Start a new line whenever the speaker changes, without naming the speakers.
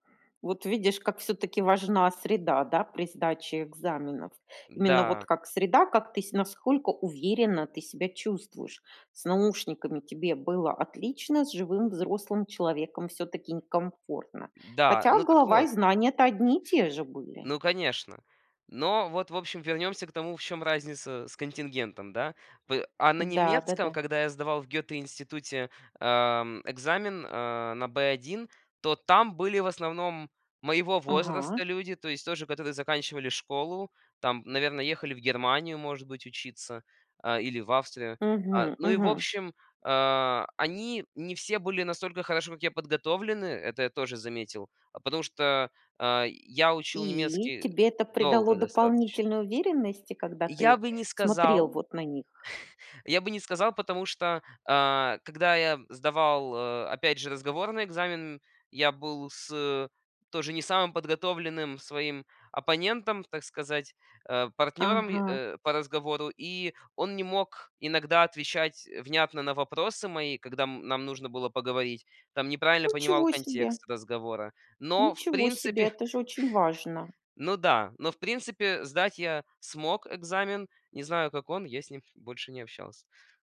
Вот видишь, как всё-таки важна среда, да, при сдаче экзаменов. Именно вот
Да.
как среда, как ты, с насколько уверенно ты себя чувствуешь. С наушниками тебе было отлично, с живым взрослым человеком всё-таки некомфортно.
Да,
Хотя
ну так
голова и
вот
знания то одни и те же были.
Ну конечно. Но вот, в общем, вернёмся к тому, в чём разница с контингентом да. П а, на
Да,
немецком,
да-да.
когда я сдавал в Гётте институте, а, м, экзамен, э, на Б1, то там были в основном моего
Ага.
возраста люди, то есть тоже, которые заканчивали школу, там, наверное, ехали в Германию, может быть, учиться, а, или в Австрию, а.
Мгм
Ну и в
мгм.
общем, а, они не все были настолько хорошо, как я, подготовлены. Это я тоже заметил, потому что, а, я учил
И
немецкий
тебе это придало
долго достаточно.
дополнительной уверенности, когда
Я
ты
бы не
смотрел
сказал.
вот на них?
Я бы не сказал, потому что, а, когда я сдавал, а, опять же разговорный экзамен, я был с тоже не самым подготовленным своим оппонентом, так сказать, а, партнером и
Ага.
э, по разговору. И он не мог иногда отвечать, э, внятно на вопросы мои, когда, м, нам нужно было поговорить. Там неправильно понимал
Ничего себе!
контекст разговора. Но в
Ничего себе!
принципе
Это же очень важно!
Ну да. Но, в принципе, сдать я смог экзамен. Не знаю, как он, я с ним больше не общался.